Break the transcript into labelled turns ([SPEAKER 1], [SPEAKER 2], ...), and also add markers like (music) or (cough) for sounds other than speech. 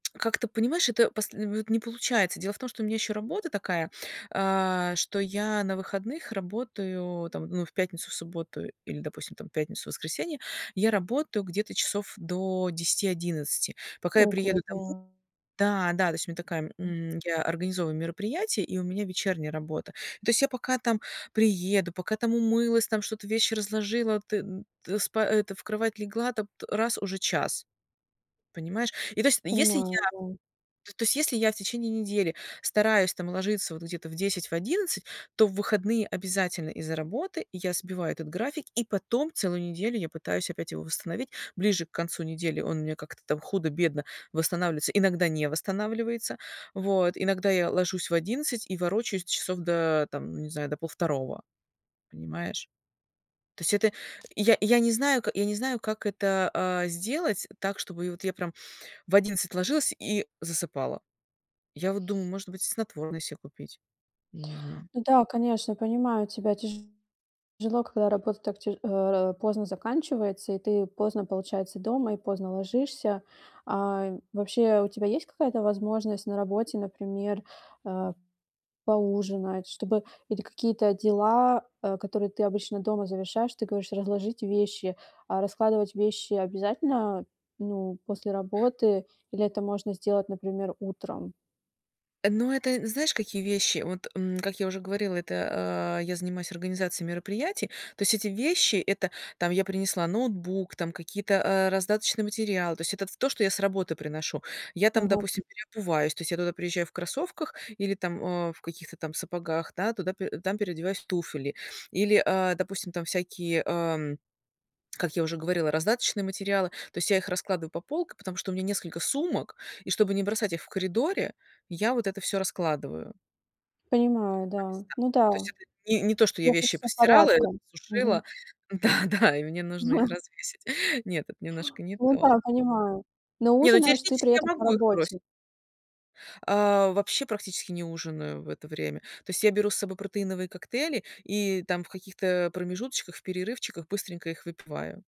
[SPEAKER 1] Как ты понимаешь, это посл в вот не получается. Дело в том, что у меня еще работа такая, а, что я на выходных работаю, там, ну, в пятницу, в субботу или, допустим, там пятницу, воскресенье. Я работаю где-то часов до 10 : 00-11 : 00. Пока я приеду
[SPEAKER 2] Ого-го.
[SPEAKER 1] домой Да, да, то есть у меня такая м, я организовываю мероприятие, и у меня вечерняя работа. Ну, то есть я пока там приеду, пока там умылась, там что-то вещи разложила, ты, ты сп это, в кровать легла, там, раз- уже 1 : 00, понимаешь? И то есть, если я
[SPEAKER 2] Понимаю, да.
[SPEAKER 1] то есть если я в течение недели стараюсь там ложиться вот где-то в 10 : 00, в 11 : 00, то в выходные обязательно из-за работы я сбиваю этот график, и потом целую неделю я пытаюсь опять его восстановить. Ближе к концу недели он мне как-то там худо-бедно восстанавливается, иногда не восстанавливается. Вот, иногда я ложусь в 11 : 00, и ворочаюсь часов до там, не знаю, до полвторого, понимаешь? То есть это и я я не знаю ка я не знаю, как это, а, сделать так чтобы и вот я прям в 11 : 00 ложилась и засыпала. Я вот думаю, может быть, снотворное се купить, я не знаю.
[SPEAKER 2] Ну да, конечно, понимаю, тебя тяжело, когда работа так т э, поздно заканчивается, и ты, поздно, получается, дома и поздно ложишься. Ай, вообще, у тебя есть какая-то возможность на работе, например, э, поужинать, чтобы или какие-то дела, а, которые ты обычно дома завершаешь? Ты говоришь, разложить вещи. А раскладывать вещи обязательно, ну, после работы, или это можно сделать, например, утром?
[SPEAKER 1] Э, ну, это, э, знаешь, какие вещи? Вот, м, как я уже говорила, это, а, я занимаюсь организацией мероприятий. То есть эти вещи- это там я принесла ноутбук, там какие-то, э, раздаточные материалы. То есть это ф то, что я с работы приношу. Я там,
[SPEAKER 2] Ага.
[SPEAKER 1] допустим, переобуваюсь, то есть я туда приезжаю в кроссовках или там, э, в каких-то там сапогах, да, туда э, там переодеваюсь в туфли. Или, а, допустим, там всякие, ам, как я уже говорила, раздаточные материалы. То есть я их раскладываю по полкам, потому что у меня несколько сумок, и, чтобы не бросать их в коридоре, я вот это всё раскладываю. (unintelligible)
[SPEAKER 2] Понимаю,
[SPEAKER 1] То
[SPEAKER 2] да.
[SPEAKER 1] есть да.
[SPEAKER 2] Ну
[SPEAKER 1] То есть
[SPEAKER 2] да,
[SPEAKER 1] это не не то, что я
[SPEAKER 2] всё
[SPEAKER 1] вещи
[SPEAKER 2] хочется
[SPEAKER 1] постирала,
[SPEAKER 2] порядком. Мгм.
[SPEAKER 1] сушила да да, и мне нужно их
[SPEAKER 2] (chuckles)
[SPEAKER 1] развесить. Нет, это немножко не
[SPEAKER 2] Ну да,
[SPEAKER 1] то.
[SPEAKER 2] понимаю. Но
[SPEAKER 1] Не, ну
[SPEAKER 2] ужинаешь ты
[SPEAKER 1] теоретически
[SPEAKER 2] при этом
[SPEAKER 1] я
[SPEAKER 2] по
[SPEAKER 1] могу их бросить.
[SPEAKER 2] работе?
[SPEAKER 1] А, вообще практически не ужинаю в это время. То есть я беру с собой протеиновые коктейли, и там в каких-то промежуточках, в перерывчиках быстренько их выпиваю.